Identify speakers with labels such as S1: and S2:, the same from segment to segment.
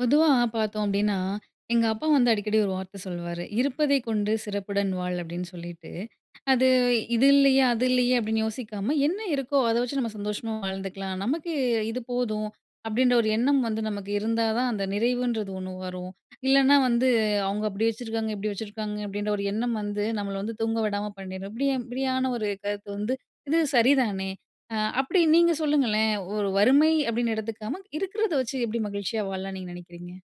S1: பொதுவா பார்த்தோம் அப்டீன்னா, எங்க அப்பா வந்து அடிக்கடி ஒரு வார்த்த சொல்லுவாரு. "இருப்பதை கொண்டு சிறப்புடன் வாழ்" அப்படின்னு சொல்லிட்டு. அது இது இல்லையே, அது இல்லையே அப்படின்னு யோசிக்காம, என்ன இருக்கோ அத வச்சு நம்ம சந்தோஷமா வாழ்ந்துக்கலாம். "நமக்கு இது போதும்." அப்டீன்ற ஒரு எண்ணம் வந்து நமக்கு இருந்தா தான், அந்த நிறைவுன்றது ஒண்ணு வரும். இல்லன்னா வந்து, அவங்க அப்படி வச்சுருக்காங்க, இப்படி வச்சுருக்காங்க அப்படின்ற ஒரு எண்ணம் வந்து, நம்மள வந்து தூங்க விடாம பண்ணிரும். இப்படி இப்படியான ஒரு கருத்து வந்து இது சரிதானே? அ அப்டி நீங்க சொல்லுங்களேன், ஒரு வறுமை அப்படின்னு எடுத்துக்காம, இருக்கிறத வச்சு எப்படி மகிழ்ச்சியா வாழலாம்ன்னு நீங்க நெனைக்கிறீங்க?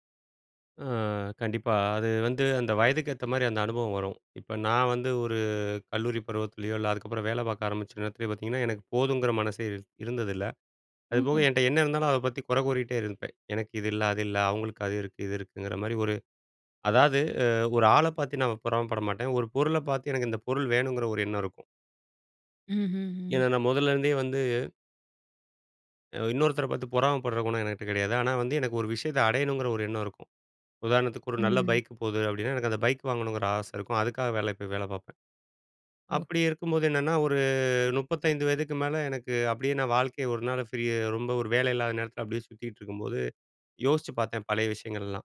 S2: அ கண்டிப்பா. அது வந்து அந்த வயதுக்கு ஏத்த மாரி அந்த அனுபவம் வரும். இப்ப நான் வந்து ஒரு கல்லூரி பருவத்திலேயோ, இல்ல அதுக்கப்பறம் வேல பார்க்க ஆரம்பிச்ச நேரத்திலேயோ பார்த்தீங்கன்னா, எனக்கு போதுங்கிற மனசே இர் இருந்ததில்ல. அதுபோக
S1: ஓஹோ!
S2: என்ட்ட என்ன இருந்தாலும் அத பத்தி குறை கூறிட்டே இருப்பேன். எனக்கு இது இல்ல, அது இல்ல, அவங்களுக்கு அது இருக்கு, இது இருக்குங்கிற மாரி ஒரு அதாவது, அ ஒரு ஆள பார்த்து நான் பொறாமைப்பட மாட்டேன். ஒரு பொருள பார்த்து எனக்கு இந்த பொருள் வேணுங்கிற ஒரு எண்ணம் இருக்கும்.
S1: ம்ஹ்ஹ்ம்.
S2: ஏன்னா நான் முதல்லேருந்தே வந்து அ இன்னொருத்தர பார்த்து பொறாமைப்படுற குணம் எனகிட்ட கெடையாது. ஆனா வந்து எனக்கு ஒரு விஷயத்த அடையணுங்கிற ஒரு எண்ணம் இருக்கும். உதாரணத்துக்கு, ஒரு நல்ல
S1: ம்.
S2: பைக் போது அப்டின்னா எனக்கு அந்த பைக் வாங்கணுங்கிற ஆசை இருக்கும். அதுக்காக வேலைக்கு போய் வேலை பார்ப்பேன். அப்படி
S1: ஓஹோ.
S2: இருக்கும்போது என்னன்னா, ஒரு 35 மேல, எனக்கு அப்படியே நான் வாழ்க்கையை ஒரு நாள் ஃப்ரீ ரொம்ப ஒரு வேலை இல்லாத நேரத்தில அப்படியே சுத்திட்டிருக்கும்போது, யோசிச்சுப் பார்த்தேன் பழைய விஷயங்கள் எல்லாம்.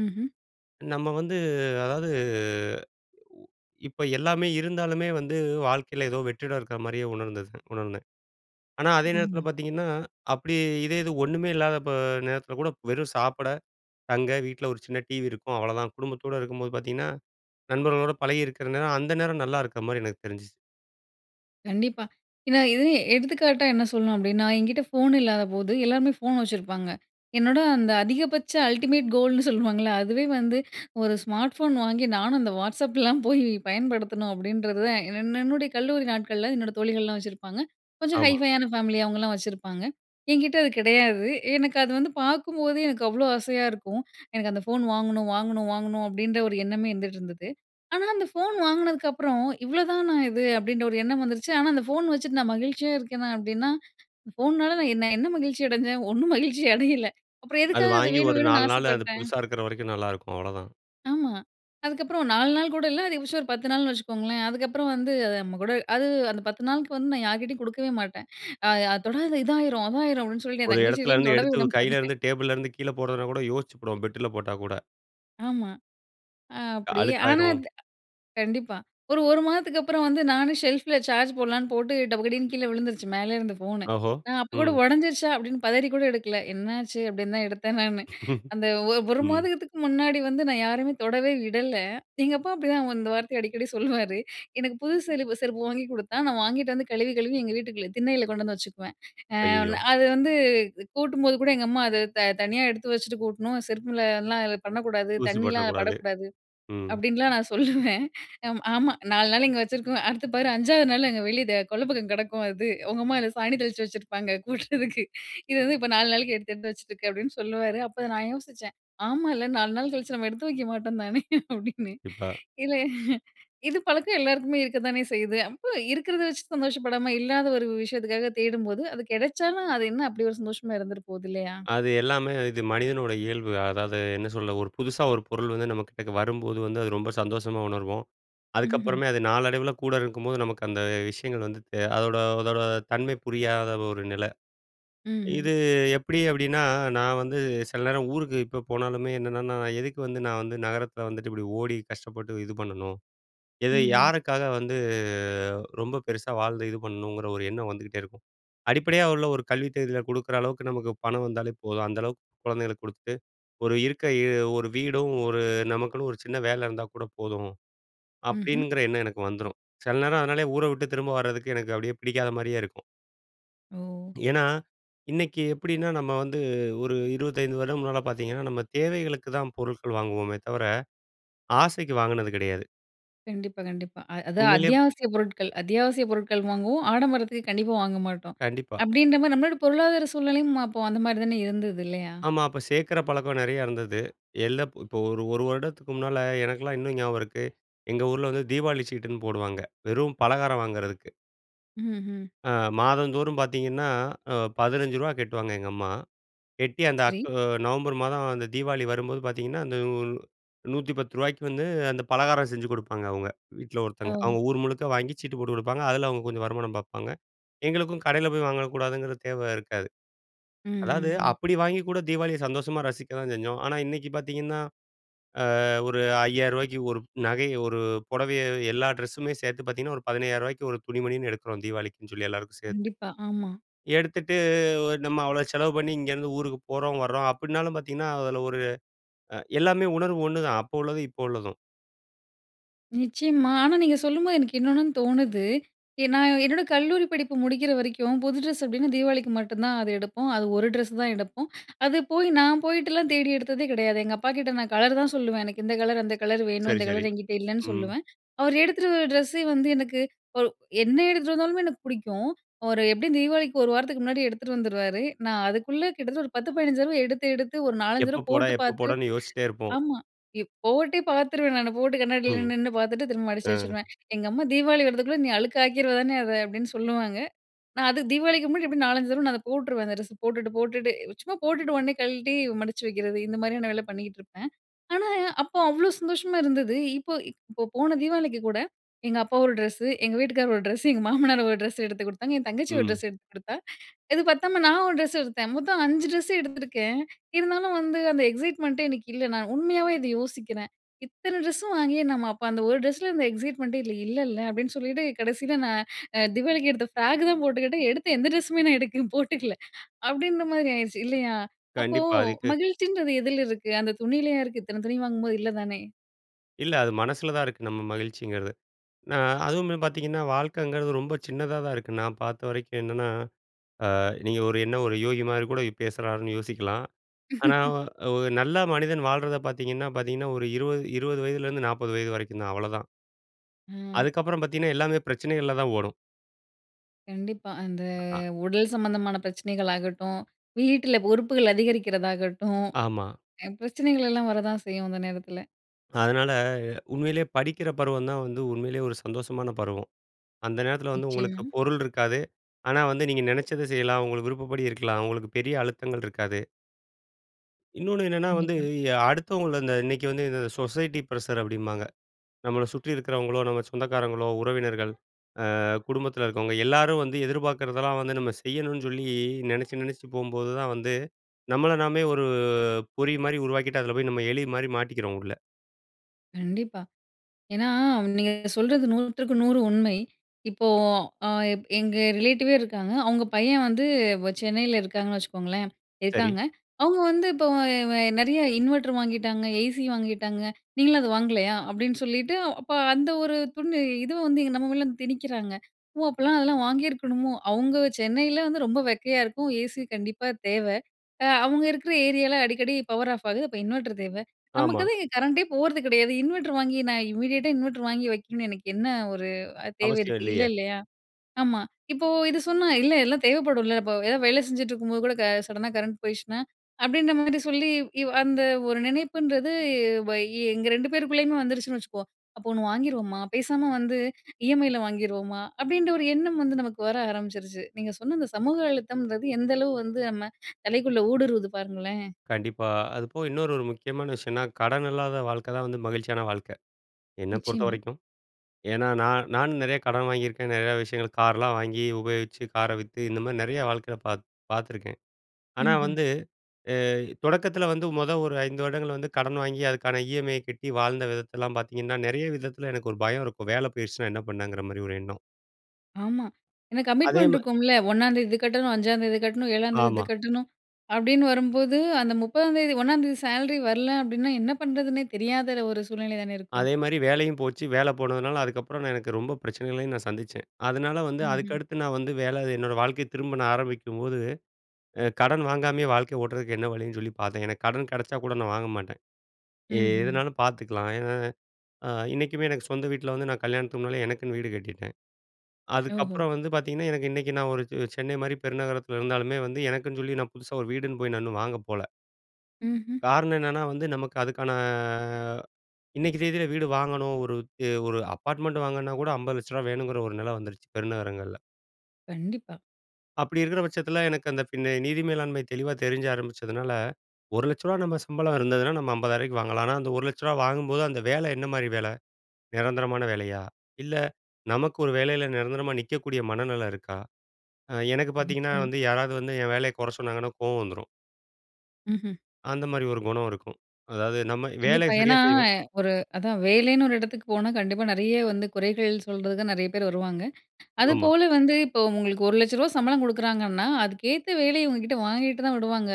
S1: ம்ஹ்ம்.
S2: நம்ம வந்து அதாவது உ இப்ப எல்லாமே இருந்தாலுமே வந்து வாழ்க்கையில ஏதோ வெற்றிடம் இருக்கிற மாதிரியே உணர்ந்தது உணர்ந்தேன். ஆனா அதே நேரத்தில
S1: ம்.
S2: பார்த்தீங்கன்னா, அப்டி இதே இது ஒண்ணுமே இல்லாதப்ப நேரத்தில கூட வெறும் சாப்பிட, தங்க, வீட்ல ஒரு சின்ன டிவி இருக்கும், அவ்வளதான். குடும்பத்தோட இருக்கும்போது பார்த்தீங்கன்னா நண்பர்களோட பழகியிருக்கிற நேரம் அந்த நேரம் நல்லா இருக்க மாரி எனக்கு தெரிஞ்சுச்சு.
S1: கண்டிப்பா இந்த இது எடுத்துக்காட்டா என்ன சொல்லணும் அப்டின்னா, என்கிட்டே ஃபோன் இல்லாதபோது எல்லாருமே ஃபோன் வச்சிருப்பாங்க. என்னோட அந்த அதிகபட்ச அல்டிமேட் கோல்ன்னு சொல்லுவாங்கல்ல அதுவே வந்து ஒரு ஸ்மார்ட் ஃபோன் வாங்கி நானும் அந்த WhatsAppலாம் போய் பயன்படுத்தணும். அப்டின்றத தான் என் என்னுடைய கல்லூரி நாட்கள்ல என்னோட தோழிகள்லா வச்சிருப்பாங்க. கொஞ்சம்
S2: ஆமா.
S1: ஹைஃபையான ஃபேமிலி அவுங்ளா வச்சிருப்பாங்க. என்கிட்ட அது கிடையாது. எனக்கு அது வந்து பார்க்கும்போதே எனக்கு அவ்வளோ ஆசையா இருக்கும். எனக்கு "அந்த ஃபோன் வாங்கணும் வாங்கணும் வாங்கணும்" அப்டின்ற ஒரு எண்ணமே இருந்துட்டு இருந்தது. ஆனா, அந்த ஃபோன் வாங்குனதுக்கப்பறம் இவ்வளதானா இது! அப்டின்ற ஒரு எண்ணம் வந்துருச்சு. ஆனா, அந்த ஃபோன் வச்சுட்டு நான் மகிழ்ச்சியா இருக்கேனா? அப்டின்னா ஃபோனால நான் என்ன மகிழ்ச்சி அடைஞ்சேன்? ஒண்ணும் மகிழ்ச்சி அடையல, அப்புறம்
S2: அது
S1: எதுக்காக அது
S2: வாங்கி
S1: வேணும்
S2: ஒரு
S1: வேணும்னு
S2: 4 நாள் அது
S1: ஆசைப்பட்டேன்?
S2: புதுசா இருக்குற வரைக்கு நல்லாருக்கும் அவ்வளோதான்.
S1: ஆமா. அதுக்கப்புறம் 4 நாள் கூட இல்ல அது [unintelligible] ஒரு 10 நாள்ன்னு வச்சுக்கோங்களேன் அதுக்கப்புறம் வந்து நம்ம கூட அது அந்த 10 நாளுக்கு வந்து நான் யார்கிட்டேயும் கொடுக்கவே மாட்டேன் அ "அது தொடாத இதாயிரும் அதாயிரும்," அப்படின்னு சொல்லிட்டு என்
S2: ஒரு எடத்துல
S1: தங்கச்சியிட்டலாம்
S2: இருந்து
S1: தொடவே
S2: எடுத்து உ
S1: விட மாட்டேன்.
S2: கையில இருந்து டேபிள்ல இருந்து கீழே போடுறதுனா கூட, யோசித்துப்படுவோம் பெட்டுல போட்டா கூட.
S1: ஆமா. அ
S2: க
S1: அப்டி ஆனா
S2: அழுக்காயிரும்.
S1: இந்த கண்டிப்பா ஒரு 1 மாதத்துக்கு அப்புறம் வந்து நானும் செல்ஃபில் சார்ஜ் போடலாம்ன்னு போட்டு "டபக்கடின்னு" கீழே விழுந்துடுச்சு மேலே இருந்து ஃபோன்னு.
S2: ஓஹோ!
S1: நான் அப்போ கூட
S2: ம்.
S1: "ஓடைஞ்சிர்ச்சா" அப்படின்னு பதறி கூட எடுக்கல, "என்னாச்சு?" அப்படின்னு தான் எடுத்தேன் நானு அந்த 1 மாதத்துக்கு முன்னாடி வந்து நான் யாரையுமே தொடவே விடல. எங்க அப்பா அப்படிதான் இந்த வார்த்தைய அடிக்கடி சொல்வாரு எனக்கு புது செருப்பு செருப்பு வாங்கி கொடுத்தா நான் வாங்கிட்டு வந்து கழுவி கழுவி எங்கள் வீட்டுக்குள்ள திண்ணையில கொண்டு வந்து வச்சுக்குவேன். அ
S2: ஐய்யய்யோ!
S1: ந அது வந்து கூட்டும்போது கூட எங்க அம்மா அத த தனியா எடுத்து வச்சுட்டு கூட்டணும் "செருப்புல எல்லாம் பண்ணக்கூடாது
S2: தூசி
S1: தண்ணிலாம் அத
S2: பட்டுறக்கூடாது.
S1: படக்கூடாது"
S2: ம்.
S1: அப்படின்லாம் நான் சொல்லுவேன். அம் ஆமா 4 நாள் இங்க வச்சிருக்குவ அடுத்து பாரு 5வது நாள் அங்க வெளிய கொள்ள பக்கம் கிடக்கும். அது. உங்க அம்மா 'இத சாணி தெளிச்சு வச்சிருப்பாங்க கூட்டுறதுக்கு. இது வந்து இப்போ 4 நாளைக்கு எடுத்து எடுத்து வச்சுட்ருக்க" அப்படின்னு சொல்லுவாரு. அப்போ நான் யோசிச்சேன் ஆமால்ல 4 நாள் கழிச்சு நம்ம எடுத்து வைக்க மாட்டோம் தானே! அப்படின்னு.
S2: இப்ப
S1: இல்ல இது பழக்கம் எல்லோருக்குமே இருக்கத்தானே செய்யுது. அப்போ இருக்கிறத வச்சு சந்தோஷப்படாம இல்லாத ஒரு விஷயத்துக்காக தேடும்போது அது கிடைச்சாலும் அது என்ன அப்படி ஒரு சந்தோஷமாக இருந்துட்டு போகுது இல்லையா?
S2: அது எல்லாமே இது மனிதனோட இயல்பு. அதாவது, என்ன சொல்ல? ஒரு புதுசா ஒரு பொருள் வந்து நம்ம கிட்டக வரும்போது வந்து அது ரொம்ப சந்தோஷமா உணர்வோம்.
S1: ம்ஹ்ம்.
S2: அதுக்கப்புறமே அது நாளடைவில கூட இருக்கும்போது நமக்கு அந்த விஷயங்கள் வந்து த அதோட அதோட தன்மை புரியாத ஒரு நிலை.
S1: ம், ம்.
S2: இது எப்டி அப்டின்னா நான் வந்து சில நேரம் ஊருக்கு இப்போ போனாலுமே என்னன்னா" நான் எதுக்கு வந்து நான் வந்து நகரத்தில வந்துட்டு இப்படி ஓடி கஷ்டப்பட்டு இது பண்ணணும்?" எது
S1: ம், ம்.
S2: யாருக்காக வந்து ரொம்ப பெருசா வாழ்ந்து இது பண்ணணும்ங்கிற ஒரு எண்ணம் வந்துக்கிட்டே இருக்கும் அடிப்படையா உள்ள ஒரு கல்வி தகுதியில குடுக்குற அளவுக்கு நமக்கு பணம் வந்தாலே போதும். அந்த அளவுக்கு கொழந்தைகளுக்கு கொடுத்துட்டு ஒரு இருக்க இ ஒரு வீடும் ஒரு நமக்குன்னு ஒரு சின்ன வேலை இருந்தா கூட போதும்.
S1: ம்ஹ்ம்.
S2: அப்படிங்கிற எண்ணம் எனக்கு வந்துரும். செல நேரம் அதனாலேயே ஊர விட்டு திரும்ப வர்றதுக்கு எனக்கு அப்படியே பிடிக்காத மாதிரியே இருக்கும்.
S1: ஓ!
S2: ஏன்னா, இன்னைக்கி எப்டின்னா, நம்ம வந்து ஒரு 25 வருடம் முன்னால பார்த்தீங்கன்னா, நம்ம தேவைகளுக்கு தான் பொருட்கள் வாங்குவோமே, தவிர ஆசைக்கு வாங்கினது கிடையாது.
S1: கண்டிப்பா, கண்டிப்பா, அ அது
S2: உண்மையிலே
S1: அத்தியாவசியப் பொருட்கள் அத்தியாவசிய பொருட்கள் வாங்குவோம், ஆடம்பரத்திக்கு கண்டிப்பா வாங்க மாட்டோம்
S2: கண்டிப்பா.
S1: "அப்டீன்ற மாதி"ரி நம்மளோட பொருளாதார சூழ்நிலையும் அப்போ அந்த மாதிரி தானே இருந்தது இல்லையா?
S2: ஆமா .அப்போ சேர்க்கிற பழக்கம் நெறைய இருந்தது, எல்லா இப்போ ஒரு 1 வருடத்துக்கு முன்னால எனக்கெல்லாம் இன்னும் ஞாபகம் இருக்கு. எங்க ஊருல வந்து "தீபாவளி சீட்டு"ன்னு போடுவாங்க, வெறும் பலகாரம் வாங்குர்றதுக்கு.
S1: ம்ஹ்ம்.
S2: அ மாதந்தோறும் பார்த்தீங்கன்னா ரூ. 15 கட்டுவாங்க எங்க அம்மா, கெட்டி அந்த
S1: சரி.
S2: அக் நவம்பர் மாதம் அந்த தீபாவளி வரும்போது பார்த்தீங்கன்னா, அந்த நூ ரு.110க்கு வந்து அந்த பலகாரம் செஞ்சு குடுப்பாங்க அவங்க, வீட்டுல ஒருத்தவங்க.
S1: ஒ!
S2: அவங்க ஊர் முழுக்க வாங்கி சீட்டு போட்டு கொடுப்பாங்க. அதில் அவங்க கொஞ்சம் வருமானம் பார்ப்பாங்க, எங்களுக்கும் கடையில் போய் வாங்கக்கூடாதுங்கிற தேவை இருக்காது.
S1: ம், ம்,
S2: அதாவது
S1: ம்.
S2: அப்டி வாங்கி கூட தீபாவளியை சந்தோஷமா ரசிக்க தான் செஞ்சோம். ஆனா இன்னைக்கு பார்த்தீங்கனா, ஆ ஒரு ரு.5000க்கு ஒரு நகை, ஒரு புடவையை எல்லா டிரெஸ்‌ஸுமே சேர்த்து பார்த்தீங்கனா, ஒரு ரு. 15000க்கு ஒரு துணி மணினு எடுக்கிறோம் தீபாவளிக்குனு சொல்லி எல்லோருக்கும் சேர்த்து.
S1: கண்டிப்பா, ஆமா.
S2: எடுத்துட்டு நம்ம அவ்வளோ செலவு பண்ணி இங்கேருந்து ஊருக்கு போறோம் வர்றோம். அப்டின்னாலும் பார்த்தீங்கன்னா அதுல ஒரு எல்லாமே உணர்வு ஒன்னுதான் அப்போ உள்ளதும் இப்போ உள்ளதும்.
S1: நிச்சயமா. ஆனா நீங்க சொல்லும்போது எனக்கு இன்னொன்னுன்னு தோணுது. எ நான் என்னோட கல்லூரி படிப்பு முடிக்கிற வரைக்கும் புது ட்ரெஸ் அப்டின்னா தீபாவளிக்கு மட்டும் தான் அது எடுப்போம். அது ஒரு ட்ரெஸ் தான் எடுப்போம். அது போய் நான் போய்ட்டலாம் தேடி எடுத்ததே கெடையாது. எங்க அப்பா கிட்ட நான் கலர் தான் சொல்லுவேன். எனக்கு இந்த கலர் அந்த கலர் வேணும்
S2: சரி,
S1: இந்த
S2: சரி.
S1: கலர் என்கிட்ட இல்லன்னு
S2: ம்.
S1: சொல்லுவேன். அவர் எடுத்துட்டு வர்ற ட்ரெஸ்ஸு வந்து எனக்கு ஒரு என்ன எடுத்துட்டு வந்தாலுமே எனக்கு புடிக்கும். அவரு எப்டியும் தீபாவளிக்கு ஒரு வாரத்துக்கு முன்னாடி எடுத்துட்டு வந்துருவாரு. நான் அதுக்குள்ள கிட்டத்தட்ட ஒரு 10, 15 தடவ, எடுத்து எடுத்து ஒரு 4, 5
S2: எப்ப
S1: தடவ
S2: போட
S1: போட்டு
S2: எப்ப
S1: பார்த்து,
S2: போடன்னு யோசிச்சிட்டே இருப்போம்.
S1: ஆமா போட்டே பார்த்துருவேன் நானு. போட்டு கண்ணாடியில
S2: ம்,
S1: நின்னு நின்னு பார்த்துட்டு, திரும்ப மடிச்சு
S2: அ.
S1: வச்சுருவேன். எங்க அம்மா ''தீபாவளி வர்றதுக்குள்ளே நீ அழுக்கு ஆக்கிருவ தானே அத'' அப்டின்னு சொல்லுவாங்க. நான் அதுக்கு தீபாவளிக்கு முன்னாடி எப்டியும் 4, 5 தடவ நான் அத போட்ருவேன். அந்த ட்ரெஸ்ஸ போட்டுட்டு போட்டுட்டு, சும்மா போட்டுட்டு உடனே கழட்டி மடிச்சு வைக்கிறது இந்த மாரியான வேல பண்ணிகிட்டு இருப்பேன். ஆனா அப்போ அவ்ளோ சந்தோஷமா இருந்தது. இப்போ இப்போ போன தீபாவளிக்கு கூட எங்க அப்பா ஒரு ட்ரெஸ்ஸு, எங்க வீட்டுக்காரர் ஒரு ட்ரெஸ்ஸு, எங்க மாமனாரு ஒரு ட்ரெஸ் எடுத்து கொடுத்தாங்க. என் தங்கச்சி
S2: ம்.
S1: ட்ரெஸ் எடுத்து கொடுத்தா. இது பத்தாம நான் ஒரு ட்ரெஸ் எடுத்தேன். மொத்தம் 5 ட்ரெஸ்ஸு எடுத்துருக்கேன். இருந்தாலும் வந்து அந்த எக்ஸைட்மெண்ட்டே எனக்கு இல்ல. நான் உண்மையாவே இத யோசிக்றேன். இத்தன ட்ரெஸ்ஸும் வாங்கியே நம்ம அப்போ அந்த ஒரு ட்ரெஸ்ல அந்த எக்ஸைட்மெண்ட்டே இல்ல இல்லல்ல. அப்டின்னு சொல்லிட்டு கடைசியில நான் தீபாவளிக்கு எடுத்த ஃப்ராக் தான் போட்டுக்கிட்டேன். எடுத்த எந்த ட்ரெஸ்ஸுமே நான் எடுத்து போட்டுக்கல. அப்டின்ற மாரி ஆயிடுச்சு இல்லையா? அப்போ
S2: கண்டிப்பா, அதுக்கு
S1: மகிழ்ச்சின்றது எதுல இருக்கு? அந்த துணிலயா இருக்கு? இத்தனை துணி வாங்கும்போது இல்ல தானே.
S2: இல்ல. அது மனசில தான் இருக்கு நம்ம மகிழ்ச்சிங்கிறது. ஏன்னா அதுவுமே பார்த்தீங்கன்னா வாழ்க்கைங்கிறது ரொம்ப சின்னதா தான் இருக்கு, நான் பார்த்த வரைக்கும். என்னன்னா அ நீங்க ஒரு என்ன ஒரு யோகி மாரி கூட இப் பேசுறார்ன்னு யோசிக்கலாம். ஆனா, ஒரு நல்ல மனிதன் வாழ்றத பார்த்தீங்கன்னா பார்த்தீங்கன்னா ஒரு இருவது 20 வயதிலேருந்து 40 வயது வரைக்கும் தான். அவ்வளதான்.
S1: அ.
S2: அதுக்கப்பறம் பார்த்தீங்கன்னா எல்லாமே பிரச்சனைகள்ல தான் ஓடும்.
S1: கண்டிப்பா. அந்த
S2: அ.
S1: உடல் சம்மந்தமான பிரச்சனைகள் ஆகட்டும், வீட்டுல பொறுப்புகள் அதிகரிக்கிறதாகட்டும்,
S2: ஆமா.
S1: அ பிரச்சனைகள் எல்லாம் வர தான் செய்யும் அந்த நேரத்தில.
S2: அதனால, உண்மையிலே படிக்கிற பருவம் தான் வந்து உண்மையிலே ஒரு சந்தோஷமான பருவம். அந்த நேரத்தில வந்து உங்களுக்கு
S1: நிச்சயமா.
S2: பொருள் இருக்காது. ஆனா வந்து நீங்க நெனைச்சத செய்யலாம். உங்களுக்கு விருப்பப்படி இருக்கலாம். உங்களுக்கு பெரிய அழுத்தங்கள் இருக்காது. இன்னொன்னு என்னன்னா வந்து
S1: கண்டிப்பா.
S2: ய அடுத்தவங்கள அந்த இன்னைக்கு வந்து இத, சொசைட்டி ப்ரசர் அப்படிம்பாங்க. நம்மள சுற்றி இருக்கிறவங்களோ, நம்ம சொந்தக்காரங்களோ, உறவினர்கள். அ குடும்பத்தில இருக்கவங்க எல்லாரும் வந்து எதிர்பார்க்கிறதெல்லாம் வந்து நம்ம செய்யணும்னு சொல்லி, நெனச்சி, நெனச்சிட்டு போம்போது தான் வந்து, நம்மள நாமே ஒரு பொறி மாரி உருவாக்கிட்டு, அதில போய் நம்ம எலி மாரி மாட்டிக்கிறோம் உள்ள.
S1: கண்டிப்பா. ஏன்னா நீங்க சொல்றது 100க்கு 100 உண்மை. இப்போ, அ எப் எங்க ரிலேட்டிவே இருக்காங்க. அவங்க பையன் வந்து வ சென்னைல இருக்காங்கன்னு வச்சுக்கோங்களேன்.
S2: சரி.
S1: இருக்காங்க. அவங்க வந்து இப்ப ய வ ய நெறைய இன்வெர்டர் வாங்கிட்டாங்க, ஏசி வாங்கிட்டாங்க. "நீங்களும் அதை வாங்கலையா?" அப்படின்னு சொல்லிட்டு, அப்ப அந்த ஒரு துண் இது வந்து இங்க நம்ம மேலலாம் திணிக்கிறாங்க. "ஓ! அப்போலாம் அதெல்லாம் வாங்கியிருக்கணுமோ?" அவங்க சென்னையில வந்து ரொம்ப வெக்கையா இருக்கும், ஏசி கண்டிப்பா தேவ. அ அவங்க இருக்கிற ஏரியால அடிக்கடி பவர் ஆஃப் ஆகுது, அப்ப இன்வெர்டர் தேவ. நமக்கு
S2: ஆமா.
S1: தான் இங்க கரண்டே போறது கெடையாது. இன்வெட்டர் வாங்கி நான் இமீடியட்டா இன்வெட்டர் வாங்கி வைக்கணும்னு எனக்கு என்ன ஒரு அ தேவை
S2: அவசியம்
S1: இருக்கு? இல்ல
S2: இல்லையே.
S1: இல்லையா? ஆமா. இப்போ இது சொன்னா, "இல்ல எல்லாம் தேவைப்படும்ல. இப்ப ஏதாவது வேல செஞ்சுட்டு இருக்கும்போது கூட க சடனா கரண்ட் போயிடுச்சுனா" அப்படின்ற மாரி சொல்லி. இவ் அந்த ஒரு நினைப்புன்றது வ எங்க 2 பேருக்குள்ளேயுமே வந்துருச்சுன்னு வச்சுக்குவோம். அப்ப ஒண்ணு வாங்கிருவோமா? பேசாம வந்து இ. எம். ஐ. ல வாங்கிருவோமா? அப்படின்ற ஒரு எண்ணம் வந்து நமக்கு வர ஆரம்பிச்சுருச்சு. நீங்க சொன்ன இந்த சமூக அழுத்தம்ன்றது எந்த அளவு வந்து நம்ம தலைக்குள்ள ஊடுருவுது பாருங்களேன்!
S2: கண்டிப்பா. அதுப்போக இன்னொரு ஒரு முக்கியமான விஷயம்னா, கடன் இல்லாத வாழ்க்கை தான் வந்து மகிழ்ச்சியான வாழ்க்கை! என்ன பொறுத்த
S1: நிச்சயமா.
S2: வரைக்கும். ஏன்னா நான் நானும் நெறைய கடன் வாங்கியிருக்கேன். நெறைய விஷயங்கள் கார்லாம் வாங்கி உபயோகிச்சு, கார வித்து இந்த மாதிரி நெறைய வாழ்க்கையில பாத் பார்த்துருக்கேன். ஆனா
S1: ம்ஹ்ம்.
S2: வந்து அ, தொடக்கத்தில வந்து மொத ஒரு 5 வருடங்கள் வந்து கடன் வாங்கி அதுக்கான ஈ.எம்.ஐ.ய கட்டி வாழ்ந்த விதத்தலாம் பார்த்தீங்கன்னா, நெறைய விதத்தில எனக்கு ஒரு பயம் இருக்கும். வேல போயிடுச்சுனா என்ன பண்ணங்கிற மாரி ஒரு எண்ணம்.
S1: ஆமா, எனக்கு
S2: அதே
S1: கமிட்மெண்ட்
S2: மார்
S1: இருக்கும்ல 1ம் தேதி இது கட்டணும், 5ம் தேதி கட்டணும், 7ம் தேதி
S2: ஆமா.
S1: இது கட்டணும், அப்டின்வரும்போது அந்த 30ம் தேதி 1ம் தேதி சேலரி வரல அப்டினா என்ன பண்ணுறதுன்னே தெரியாத ஒரு சூழ்நிலை தான இருக்கும்!
S2: அதேமாரி, வேலையும் போச்சு, வேல போனதுனால அதுக்கப்புறம் நான் எனக்கு ரொம்ப பிரச்சனைகளயும் நான் சந்திச்சேன். அதனால வந்து
S1: ம்ஹ்ம்.
S2: அதுக்கடுத்து நான் வந்து வேல என்னோட வாழ்க்கைய திரும்ப நான் ஆரம்பிக்கும்போது, அ கடன் வாங்காமயே வாழ்க்கைய ஓட்றதுக்கு என்ன வழின்னு சொல்லி பாத்தேன். எனக்கு கடன் கெடச்சா கூட நான் வாங்க மாட்டேன்.
S1: ம்ஹ்ம்.
S2: எதுனாலும் பாத்துக்கலாம். ஏனா, அ இன்னைக்குமே எனக்கு சொந்த வீட்ல வந்து நான் கல்யாணத்து முன்னாலே எனக்குன்னு வீடு கட்டிட்டேன்.
S1: ஓஹோ!
S2: அதுக்கப்றம் வந்து பாத்தீங்கனா, எனக்கு இன்னைக்கு நான் ஒரு ச் சென்னை மாரி பெருநகரத்துல இருந்தாலுமே வந்து, எனக்குன்னு சொல்லி நான் புதுசா ஒரு வீடுன்னு போய் நான் இன்னு வாங்க போல.
S1: ம்ஹ்ம்.
S2: காரணம் என்னனா? வந்து நமக்கு அதுக்கான இன்னைக்கி தேதில வீடு வாங்கணும், ஒரு தே ஒரு அப்பார்ட்மெண்ட் வாங்கன்னா கூட ரூ.50,00,00 வேணுங்ற ஒரு நில வந்துருச்சு பெருநகரங்கள்ல.
S1: கண்டிப்பா.
S2: அப்டி இருக்குற பச்சத்துல எனக்கு அந்த ஃபின நிதி மேலாண்மை தெளிவா தெரிஞ்ச ஆரம்பிச்சததுனால, ரூ.1,00,000 நம்ம சம்பளருந்ததுனா நம்ம 50,000 வாங்கலாம். ஆனா அந்த ரூ.1,00,000 வாங்கம்போது அந்த வேல என்ன மாரி வேல? நிரந்தரமான வேலையா? இல்ல நமக்கு ஒரு வேலைல நிரந்தரமா நிக்கக்கூடிய மனநில இருக்கா? அ எனக்கு பாத்தீங்கனா
S1: [unintelligible]
S2: வந்து யாராவது வந்து என் வேலைய கொற சொன்னாங்கனா, கோவம் வந்துரும்!
S1: ம்ஹ்ம்.
S2: அந்த மாதிரி ஒரு குணம் இருக்கும். அதாவது, நம்ம வேலைய
S1: கண்டிப்பா,
S2: சரியா
S1: ஏன்னா,
S2: செய்வோம்.
S1: ஒரு அதான் வேலைன்னு ஒரு எடத்துக்கு போனா, கண்டிப்பா நிறைய வந்து, குறைகள் சொல்றதுக்கு, நிறைய பேர் வருவாங்க!
S2: ஆமா.
S1: அதுபோல வந்து, இப்ப உங்களுக்கு ரூ.1,00,000 சம்பளம் குடுக்குறாங்கன்னா, அதுக்கேத்த வேலைய, உங்ககிட்ட வாங்கிட்டு தான் விடுவாங்க.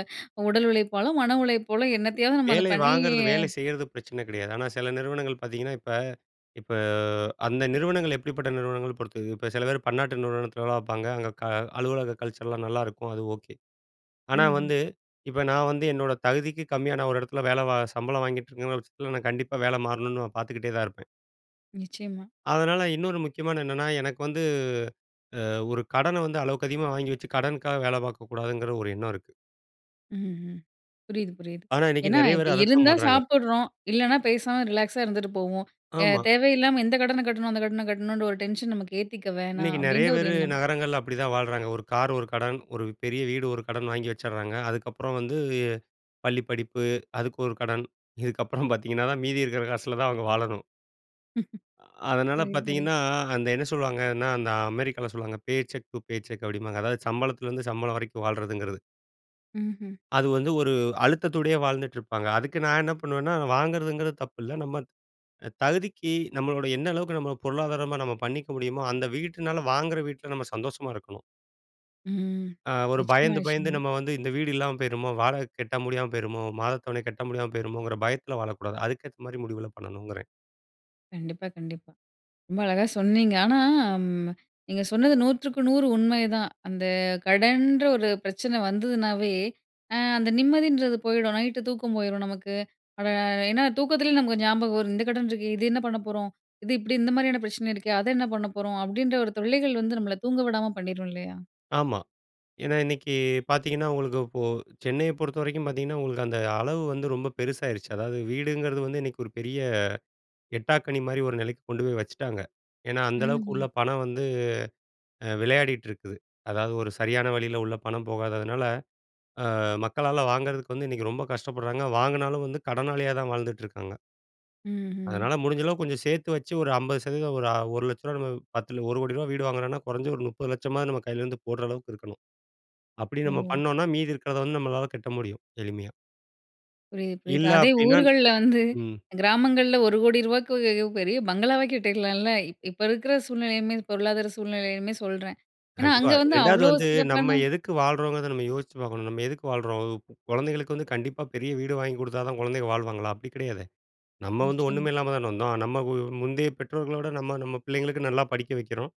S1: உடல் உழைப்பாலும், மன உழைப்பாலோ, என்னத்தையாவது நம்ம அதை
S2: வேலை
S1: பண்ணி
S2: வாங்குறது, வேலை செய்யறது பிரச்சன கிடையாது. ஆனா, சில நிறுவனங்கள் பாத்தீங்கன்னா, இப்ப இப்ப அந்த நிறுவனங்கள் எப்படிப்பட்ட, நிறுவனங்கள பொறுத்தது. இப்ப சில பேர் பன்னாட்டு நிறுவனத்தில வேலை பாப்பாங்க. அங்க க அலுவலக கல்ச்சர்லாம் நல்லாருக்கும். அது ஓகே. ஆனா
S1: ம்ஹ்ம்.
S2: வந்து, இப்ப நான் வந்து, என்னோட தகுதிக்கு கம்மியா, நான் ஒரு எடத்துல வேல வ சம்பளம் வாங்கிட்ருக்கேன்னு வச்சிக்கங்களேன், நான் கண்டிப்பா வேல மாறணுன்னு, பாத்துக்கிட்டே தான் இருப்பேன்.
S1: நிச்சயமா.
S2: அதனால, இன்னொரு முக்கியமானது என்னன்னா, எனக்கு வந்து அ ஒரு கடனை வந்து, அளவுக்கு அதிகமா வாங்கி வச்சு, கடனுக்காக வேல பாக்கக்கூடாதுங்கிற ஒரு எண்ணம் இருக்கு.
S1: ம், ம். புரியுது, புரியுது.
S2: ஆனா, இன்னைக்கு
S1: ஏன்னா,
S2: நெறைய
S1: இப்ப
S2: பேரு அதத்தான்
S1: இருந்தா,
S2: பண்றாங்க.
S1: சாப்பிடுறோம். இல்லனா, பேசாம ரிலாக்ஸா இருந்துட்டு போவோம். அ
S2: ஆமா.
S1: தேவையில்லாம இந்த கடன கட்டணும், அந்த கடன கட்டணுன்ற ஒரு டென்ஷன் நமக்கு ஏத்திக்க வேணாம்,
S2: இன்னைக்கு நெறைய
S1: அப்படின்ற ஒரு
S2: பேரு,
S1: எண்ணம்.
S2: நகரங்கள்ல அப்படி தான் வாழுறாங்க. ஒரு கார் ஒரு கடன். ஒரு பெரிய வீடு ஒரு கடன் வாங்கி வச்சிருறாங்க. அதுக்கப்புறம் வந்து, பள்ளி படிப்பு. அதுக்கு ஒரு கடன். இதுக்கப்புறம் பார்த்தீங்கன்னா தான், மீதி இருக்குற காசுல தான் அவுங்க வாழணும். அ அதனால
S1: புரிது, புரிது.
S2: பார்த்தீங்கன்னா, அந்த என்ன சொல்வாங்கன்னா, அந்த அமெரிக்காவுல சொல்லுவாங்க. Paycheck to paycheck அப்பிடீம்பாங்க. அதாவது சம்பளத்துலருந்து சம்பளம் வரைக்கும் வாழ்றதுங்கிறது.
S1: ம்ஹ்ம்.
S2: அது வந்து, ஒரு அழுத்தத்தோடையே வாழ்ந்துட்டு இருப்பாங்க. அதுக்கு நான் என்ன பண்ணுவேன்னா, வாங்குறதுங்கிறது தப்பு இல்ல. நம்ம த தகுதிக்கு நம்மளோட என்ன அளவுக்கு நம்மள பொருளாதாரமா நம்ம பண்ணிக்க முடியுமோ, அந்த வீட்டினால வாங்குற வீட்ல நம்ம சந்தோஷமா இருக்கணும்!
S1: ம்.
S2: அ ஒரு
S1: நிச்சயமா,
S2: பயந்து, பயந்து
S1: நிச்சயமா.
S2: நம்ம வந்து இந்த வீடு இல்லாம போயிருமோ, வாடகை கட்ட முடியாம போயிருமோ, மாத தவணை கட்ட முடியாம போயிருமோங்கிற பயத்துல வாழக்கூடாது. அதுக்கேத்த மாரி முடிவுலாம் பண்ணணுங்கிறேன்.
S1: கண்டிப்பா, கண்டிப்பா. ரொம்ப அழகா சொன்னீங்க. ஆனா, ம் நீங்க சொன்னது 100க்கு 100 உண்மைதான். அந்த கடன்ற ஒரு பிரச்சன வந்ததுன்னாவே, அ அந்த நிம்மதின்றது போயிடும். நைட்‌டு தூக்கம் போயிரும் நமக்கு. அப்ப ஏன்னா தூக்கத்திலயே நமக்கு ஞாபகம் வரும். இந்த கடன் இருக்கு. இது என்ன பண்ண போறோம்? இது இப்படி இந்த மாதிரியான பிரச்சனை இருக்கே, அத என்ன பண்ண போறோம்? அப்பிடீன்ற ஒரு தொல்லைகள் வந்து நம்மள தூங்க விடாம பண்ணிரும் இல்லையா?
S2: ஆமா. ஏன்னா இன்னைக்கு பார்த்தீங்கன்னா, உங்களுக்கு இப்போ சென்னைய பொறுத்த வரைக்கும் பார்த்தீங்கன்னா, உங்களுக்கு அந்த அளவு வந்து ரொம்ப பெருசாயிருச்சு. அதாவது வீடுங்கிறது வந்து இன்னைக்கு ஒரு பெரிய எட்டாக்கனி மாதிரி ஒரு நிலைக்கு கொண்டு போய் வச்சுட்டாங்க. ஏன்னா, அந்த அளவுக்கு உள்ள
S1: ம்ஹ்ம்.
S2: பணம் வந்து அ விளையாடிட்டு இருக்குது. அதாவது ஒரு சரியான வழில உள்ள பணம் போகாததுனால, அ மக்களால வாங்குறதுக்கு வந்து, இன்னைக்கு ரொம்ப கஷ்டப்படுறாங்க. வாங்கினாலும் வந்து கடனாளியா தான் வாழ்ந்துட்டுருக்காங்க!
S1: ம்ஹ்ம்.
S2: அதனால, முடிஞ்ச அளவுக்கு கொஞ்ச சேர்த்து வச்சு ஒரு 50%, ஒரு ரூ.1,00,000 நம்ம பத்தல, ரூ.10,000,000 வீடு வாங்குறோம்னா, குறைஞ்சது ஒரு ரூ.30,00,000 மாவது நம்ம கையிலேருந்து போடுற அளவுக்கு இருக்கணும். அப்படி நம்ம
S1: ஓ.
S2: பண்ணம்னா, மீதி இருக்கிறத வந்து நம்மளால கட்ட முடியும், எளிமையா.
S1: புரியுது, புரியுது.
S2: இல்ல
S1: அதே
S2: அப்படின்னா
S1: ஊர்கள்ல வந்து,
S2: ம்.
S1: கிராமங்கள்ல ரூ.10,000,000 பெரிய பங்களாவே கட்டிற்லாம்ல? இப்ப இருக்கிற சூழ்நிலையுமே, பொருளாதார சூழ்நிலையுமே சொல்றேன். ஏன்னா,
S2: கண்டிப்பா.
S1: அங்க வந்து
S2: 2வது
S1: அவ்ளோ
S2: வந்து,
S1: சிறப்பான
S2: நம்ம எதுக்கு வாழ்றோங்கறத நம்ம யோசிச்சு பார்க்கணும். நம்ம எதுக்கு வாழுறோம்? குழந்தைகளுக்கு வந்து கண்டிப்பா பெரிய வீடு வாங்கி குடுத்தா தான், குழந்தைகள் வாழ்வாங்களா? அப்படி கிடையாதே. நம்ம வந்து
S1: நிச்சயமா.
S2: ஒன்னுமே இல்லாம தான வந்தோம். நம்ம முந்தைய பெற்றோர்களோட, நம்ம நம்ம பிள்ளைங்களுக்கு நல்லா படிக்க வெக்கிறோம்.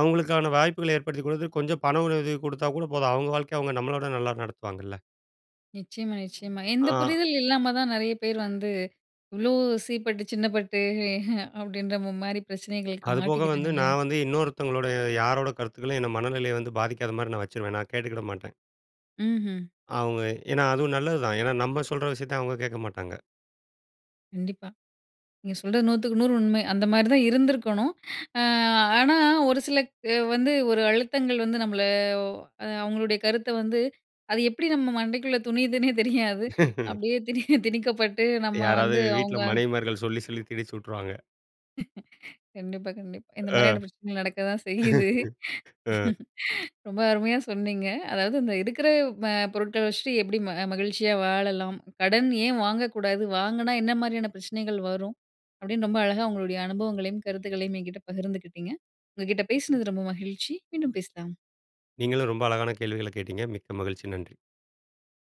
S2: அவங்களுக்கான வாய்ப்புகள ஏற்படுத்தி கொடுத்து, கொஞ்சம் பண உதவி குடுத்தா கூட போதும். அவங்க வாழ்க்கைய அவங்க நம்மளவிட நல்லா நடத்துவாங்கள்ல?
S1: நிச்சயமா, நிச்சயமா. எந்த
S2: அ.
S1: புரிதல் இல்லாம தான் நிறைய பேர் வந்து, இவ்ளோ சீப்பட்டு, சின்னப்பட்டு, அப்படின்ற மாரி பிரச்சனைகளுக்கு
S2: அதுபோக வந்து,
S1: மாட்டிக்கிறாங்கல்லயா?
S2: நான் வந்து இன்னொருத்தவங்களோட யாரோட கருத்துகளையும் என்ன மனநிலையை வந்து பாதிக்காத மாரி நான் வச்சுருவேன். நான் கேட்டுக்கிட மாட்டேன்.
S1: ம்ஹ்ம்.
S2: அவங்க ஏன்னா அதுவும் நல்லது தான். ஏன்னா, நம்ம சொல்ற விஷயத்தை அவங்க கேட்க மாட்டாங்க!
S1: கண்டிப்பா. நீங்க சொல்றது 100/100 உண்மை. அந்த மாரிதா இருந்திருக்கணும். அ, ஆனா, ஒரு சில அ வந்து ஒரு அழுத்தங்கள் வந்து நம்மள அ, அவங்களுடைய கருத்த வந்து அது எப்படி நம்ம மண்டைக்குள்ள துணியிதுன்னே தெரியாது. அப்படியே திணி திணிக்கப்பட்டு, நம்ம
S2: யாராவது
S1: வந்து
S2: வீட்ல
S1: அவுங்க
S2: மனைவிமார்கள் சொல்லி சொல்லி திணிச்சு வுட்ருவாங்க.
S1: கண்டிப்பா, கண்டிப்பா. இந்த
S2: அ.
S1: மாதிரியான பிரச்சனைகள் நடக்க தான் செய்யுது.
S2: அ.
S1: ரொம்ப அருமையா சொன்னீங்க. அதாவது, இந்த இருக்கிற அ பொருட்கள வச்சுட்டு எப்படி ம மகிழ்ச்சியா வாழலாம். கடன் ஏன் வாங்கக்கூடாது, வாங்குனா என்ன மாதிரியான பிரச்சனைகள் வரும். அப்படின்னு ரொம்ப அழகா உங்களுடைய அனுபவங்களையும், கருத்துக்களையும் என்கிட்ட பகிர்ந்துகிட்டீங்க. உங்க கிட்ட பேசினது ரொம்ப மகிழ்ச்சி. மீண்டும் பேசலாம்!
S2: நீங்களும், ரொம்ப அழகான கேள்விகள கேட்டீங்க! மிக்க மகிழ்ச்சி. நன்றி!